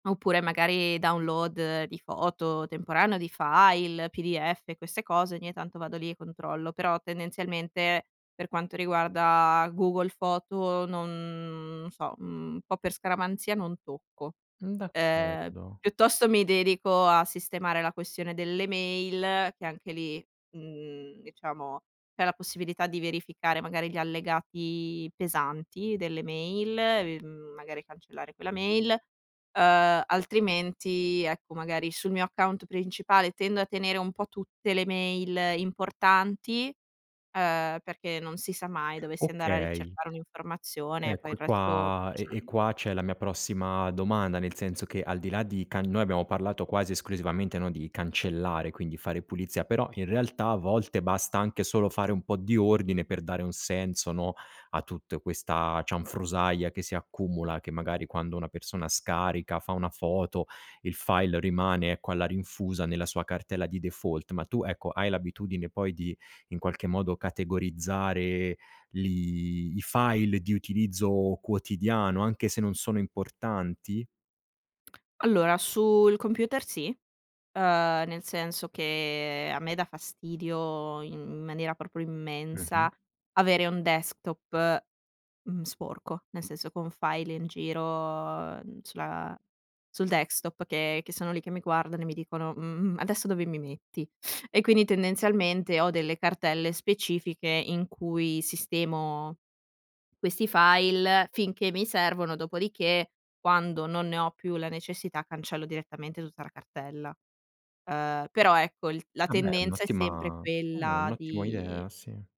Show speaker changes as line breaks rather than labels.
Oppure magari, download di foto temporanee o di file, p-d-f queste cose, ogni tanto vado lì e controllo. Però tendenzialmente, per quanto riguarda Google Foto non n so, un po' per scaramanzia non tocco.
Mh,
Ehm,
d'accordo.
piuttosto mi dedico a sistemare la questione delle mail, che anche lì, mhmm, diciamo, c'è la possibilità di verificare magari gli allegati pesanti delle mail, e, mhmm, magari cancellare quella mail, uhm, altrimenti, ecco magari sul mio account principale, tendo a tenere un po' tutte le mail importanti, ehm, perché non si sa mai, dovessi andare a
Okay.
ricercare un'informazione, e poi
Ecco,
il
e
resto
qua e e
cancello.
qua c'è la mia prossima domanda, nel senso che, al di là di can noi abbiamo parlato quasi esclusivamente, no, di cancellare, quindi fare pulizia, però in realtà a volte basta anche solo fare un po' di ordine per dare un senso, no, a tutte questa cianfrusaglia che si accumula, che magari quando una persona scarica, fa 1 foto, il file rimane, ecco, alla rinfusa nella sua cartella di default, ma tu, ecco, hai l'abitudine poi, di in qualche modo, categorizzare, li i file di utilizzo quotidiano, anche se non sono importanti?
Allora, sul computer sì, ehm, nel senso che a me dà fastidio in in maniera proprio immensa,
Mh-mh.
avere un desktop, mhmm, sporco. Nel senso, con file in giro, n sulla sul desktop, che che sono lì che mi guardano, e mi dicono: "Mhmm, mhmm, adesso dove mi metti?" E quindi tendenzialmente ho delle cartelle specifiche in cui sistemo, questi file, finché mi servono, dopodiché, quando non ne ho più la necessità, cancello direttamente tutta la cartella, uhm, però ecco, il la
Ah beh, è
tendenza è sempre
un'ottima ah, è un
quella
ottimo
di
idea, sì.